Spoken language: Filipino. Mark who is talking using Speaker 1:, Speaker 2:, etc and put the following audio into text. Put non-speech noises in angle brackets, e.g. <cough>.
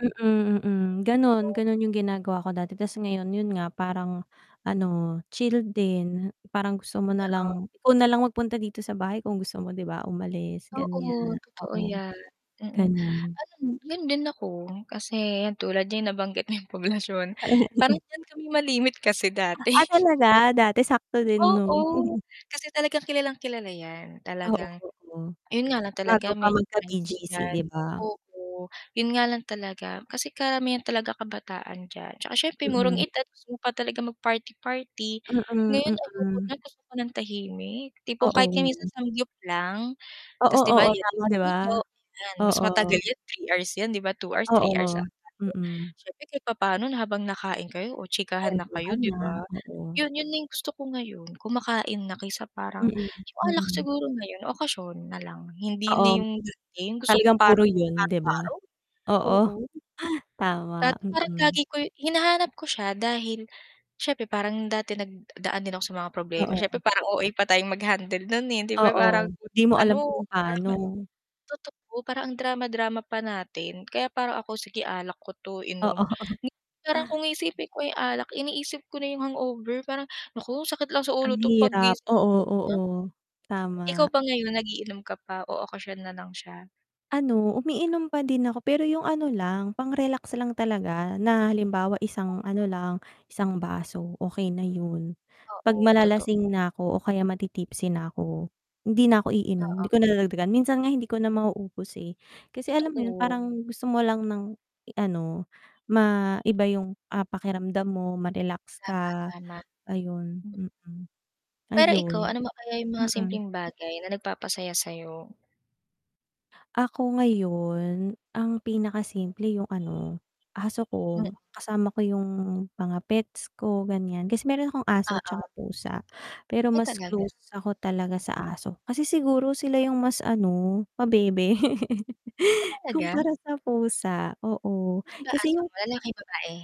Speaker 1: Mm, mm ganun,
Speaker 2: Totoo.
Speaker 1: ganun yung ginagawa ko dati ta's ngayon yun nga parang ano chilled din, parang gusto mo
Speaker 2: Oo.
Speaker 1: nalang ikaw nalang magpunta dito sa bahay kung gusto mo 'di ba umalis,
Speaker 2: Oo
Speaker 1: ganiyan,
Speaker 2: totoo
Speaker 1: oo.
Speaker 2: yan, mm.
Speaker 1: Ganon.
Speaker 2: Alam mo, yun din ako kasi yan tulad niyan nabanggit mo yang Poblacion, parang
Speaker 1: <chuckles>
Speaker 2: diyan kami malimit kasi dati.
Speaker 1: Ah,
Speaker 2: <chuckles>
Speaker 1: talaga dati, sakto din 'no?
Speaker 2: Oo,
Speaker 1: <chuckles>
Speaker 2: kasi talagang kilalang-kilala yan
Speaker 1: Oo,
Speaker 2: talagang
Speaker 1: oo,
Speaker 2: yun nga lang talaga
Speaker 1: bago pa
Speaker 2: medyo pricey
Speaker 1: magka-BGC
Speaker 2: diyan,
Speaker 1: 'di ba?
Speaker 2: oo. Yun nga lang talaga kasi karamihan talaga kabataan diyan, 'tsaka siyempre murong
Speaker 1: Mm.
Speaker 2: edad gusto mo pa talaga mag-party-party,
Speaker 1: Mm,
Speaker 2: ngayon ayoko
Speaker 1: mm.
Speaker 2: na gusto ko ng tahimik, tipong kahit minsan
Speaker 1: Oo.
Speaker 2: samgyup lang,
Speaker 1: Oo,
Speaker 2: ta's 'di ba
Speaker 1: oo
Speaker 2: yan
Speaker 1: tama, 'di ba?
Speaker 2: luto-luto, yan mas
Speaker 1: Oo.
Speaker 2: matagal 'yan 3 hours 'yan, 'di ba, 2 hours, 3 hours
Speaker 1: Oo,
Speaker 2: ata yun.
Speaker 1: mm.
Speaker 2: Siyempre kahit papaano na habang nakain kayo o chikahan na kayo,
Speaker 1: Kwentuhan
Speaker 2: 'di
Speaker 1: na,
Speaker 2: ba,
Speaker 1: oo.
Speaker 2: yun, yun na yung gusto ko ngayon kumakain na kaysa parang
Speaker 1: Mm,
Speaker 2: yung alak
Speaker 1: mm.
Speaker 2: siguro ngayon, okasyon na lang hindi na
Speaker 1: Oo.
Speaker 2: yung bitin, gusto ko
Speaker 1: Talagang
Speaker 2: parang
Speaker 1: puro yun
Speaker 2: araw
Speaker 1: 'di ba?
Speaker 2: araw,
Speaker 1: Oo,
Speaker 2: oo.
Speaker 1: <chuckles> tama,
Speaker 2: Dati parang
Speaker 1: mm.
Speaker 2: lagi ko hinahanap ko siya dahil siyempre parang dati nagdaan din ako sa mga
Speaker 1: Ah,
Speaker 2: problema, siyempre
Speaker 1: oo.
Speaker 2: parang OA pa tayong mag-handle nun hindi ba parang
Speaker 1: Oo, di
Speaker 2: konting
Speaker 1: mo alam
Speaker 2: ano,
Speaker 1: kung
Speaker 2: drama
Speaker 1: paano.
Speaker 2: totoo parang ang drama-drama pa natin kaya parang ako, "Sige alak ko 'to inom,"
Speaker 1: Oo.
Speaker 2: parang kung iisipin ko yung alak, iniisip ko na yung hangover parang, "Naku sakit lang sa
Speaker 1: Ang
Speaker 2: ulo 'to
Speaker 1: hirap,
Speaker 2: paggising ko."
Speaker 1: oo, oo,
Speaker 2: Ikaw
Speaker 1: tama.
Speaker 2: ba ngayon nag-iinom ka pa o okasyon nalang siya?
Speaker 1: Ano, umiinom pa din ako pero yung ano lang pang-relax lang talaga na halimbawa isang ano lang, 1 baso okey na yun. 'Pag
Speaker 2: Oo, totoo.
Speaker 1: malalasing na ko o kaya mati-tipsy na ako, hindi na ako iinom, hindi
Speaker 2: Oo.
Speaker 1: ko na dadagdagan, minsan nga hindi ko na mauubos, eh. Kasi alam mo yun,
Speaker 2: Totoo.
Speaker 1: parang gusto mo lang ng ano, ma-iba yung, ah, pakiramdam mo, ma-relax
Speaker 2: Tama,
Speaker 1: ka
Speaker 2: tama
Speaker 1: ayun,
Speaker 2: m
Speaker 1: mm.
Speaker 2: Pero ikaw,
Speaker 1: Ayun,
Speaker 2: ano pa kaya yung mga
Speaker 1: mm.
Speaker 2: simpleng bagay na nagpapasaya sa 'yo?
Speaker 1: Ako ngayon, ang pinakasimple yung ano, aso
Speaker 2: M
Speaker 1: ko, kasama ko yung mga pets ko ganiyan. Kasi meron akong aso 'tsaka
Speaker 2: Oo.
Speaker 1: pusa, pero
Speaker 2: Ay
Speaker 1: mas
Speaker 2: talaga.
Speaker 1: close ako talaga sa aso, kasi siguro sila yung mas ano pabebe. <laughs>
Speaker 2: Ah, talaga?
Speaker 1: Kumpara sa pusa, oo,
Speaker 2: Ano ba
Speaker 1: kasi
Speaker 2: aso
Speaker 1: yung
Speaker 2: mo, lalaki, babae?